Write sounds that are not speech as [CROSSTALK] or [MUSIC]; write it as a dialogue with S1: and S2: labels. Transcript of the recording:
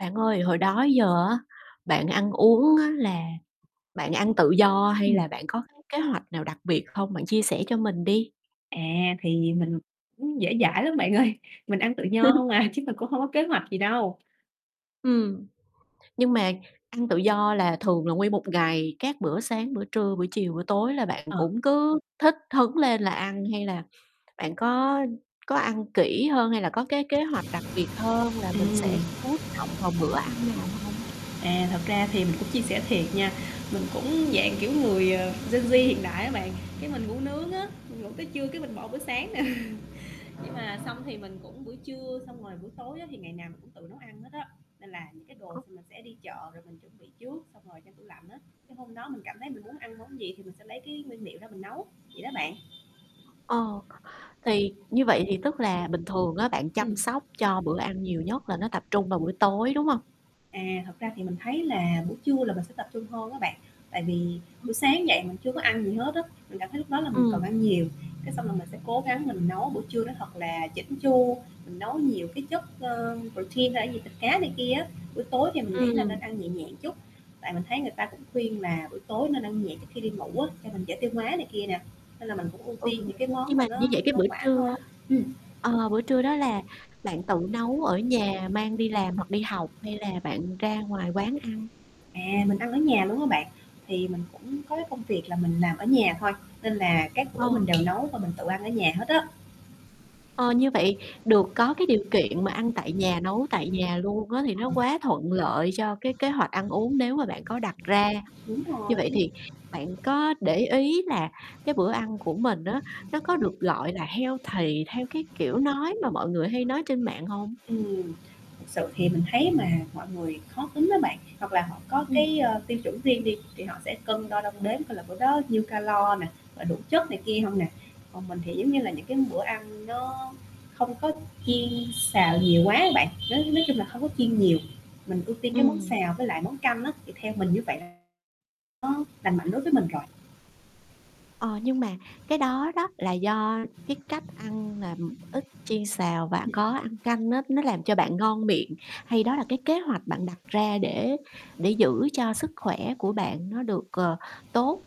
S1: Bạn ơi hồi đó giờ á bạn ăn uống á, là bạn ăn tự do hay là
S2: Ừm.
S1: bạn có cái kế hoạch nào đặc biệt không? Bạn chia sẻ cho mình đi.
S2: À, thì mình cũng dễ dãi lắm bạn ơi mình ăn tự nho
S1: [LAUGHS]
S2: hông à, chứ mình cũng hông có kế hoạch gì đâu.
S1: Ừm, nhưng mà ăn tự do là thường là nguyên một ngày, các bữa sáng, bữa trưa, bữa chiều, bữa tối là bạn
S2: Ờ.
S1: cũng cứ thích hứng lên là ăn hay là bạn có có ăn kỹ hơn hay là có cái kế hoạch đặc biệt hơn là mình
S2: Ừm.
S1: sẽ chú trọng vào bữa ăn nào hông?
S2: À, thật ra thì mình cũng chia sẻ thiệt nha, mình cũng dạng, kiểu, người, ờ, Gen Z hiện đại á bạn, cái mình ngủ nướng á, mình ngủ tới trưa cái mình bỏ bữa sáng nè. Nhưng mà xong thì mình cũng buổi trưa xong rồi buổi tối á thì ngày nào mình cũng tự nấu ăn hết á, nên là những cái đồ
S1: Ơ.
S2: s mình sẽ đi chợ rồi mình chuẩn bị trước, xong rồi trong tủ lạnh á, cái hôm đó mình cảm thấy mình muốn ăn món gì thì mình sẽ lấy cái nguyên liệu ra mình nấu vậy đó bạn.
S1: Ờ, thì như vậy thì tức là bình thường á bạn chăm
S2: Ừm.
S1: sóc cho bữa ăn nhiều nhất là nó tập trung vào bữa tối đúng hông?
S2: À, thật ra thì mình thấy là buổi trưa là mình sẽ tập trung hơn á bạn, tại vì
S1: Ừm.
S2: buổi sáng dậy mình chưa có ăn gì hết á, mình cảm thấy lúc đó là mình cần
S1: Ừm.
S2: ăn nhiều, cái xong là mình sẽ cố gắng mình nấu buổi trưa nó thật là chỉn chu, mình nấu nhiều cái chất, ơ, protein hay là cái gì, thịt cá này kia á, buổi tối thì mình nghĩ là
S1: Ừm.
S2: nên ăn nhẹ nhẹ chút, tại mình thấy người ta cũng khuyên là buổi tối nên ăn nhẹ trước khi đi ngủ á, cho mình dễ tiêu hóa này kia nè, nên là mình cũng ưu
S1: Ừ,
S2: tiên những cái
S1: nhưng
S2: món mà
S1: mà như
S2: nó
S1: vậy cái
S2: hoa
S1: bữa
S2: quả thôi.
S1: trưa
S2: Ừm.
S1: ờ, bữa trưa đó là bạn tự nấu ở nhà mang đi làm hoặc đi học hay là bạn ra ngoài quán ăn?
S2: À, mình ăn ở nhà luôn á bạn, thì mình cũng có cái công việc là mình làm ở nhà thôi, nên là các
S1: Ờ.
S2: bữa mình đều nấu và mình tự ăn ở nhà hết á.
S1: Ờ, như vậy được có cái điều kiện mà ăn tại nhà, nấu tại nhà luôn á thì nó
S2: [UNINTELLIGIBLE]
S1: quá thuận lợi cho cái kế hoạch ăn uống nếu mà bạn có đặt ra.
S2: Đúng rồi.
S1: Như vậy thì bạn có để ý là cái bữa ăn của mình á nó có được, gọi là, healthy theo, cái, kiểu, nói mà mọi người hay nói trên mạng hông?
S2: Ừm, thực sự thì mình thấy mà mọi người khó tính á bạn, hoặc là họ có
S1: Ừm.
S2: cái, ơ, tiêu chuẩn riêng đi thì họ sẽ cân đo đong đếm coi là bữa đó nhiêu calo nè, rồi đủ chất này kia hông nè, còn mình thì, giống như là, những cái bữa ăn nó không có chiên xào nhiều quá á bạn, nói nói chung là không có chiên nhiều, mình ưu tiên cái món
S1: Ừm.
S2: xào với lại món canh á thì theo mình như vậy là nó lành mạnh đối với mình rồi.
S1: Ờ, nhưng mà cái đó đó là do cái cách ăn làm ít chiên xào và có
S2: [UNINTELLIGIBLE]
S1: ăn canh á nó làm cho bạn ngon miệng hay đó là cái kế hoạch bạn đặt ra để để giữ cho sức khỏe của bạn nó được, ờ, tốt?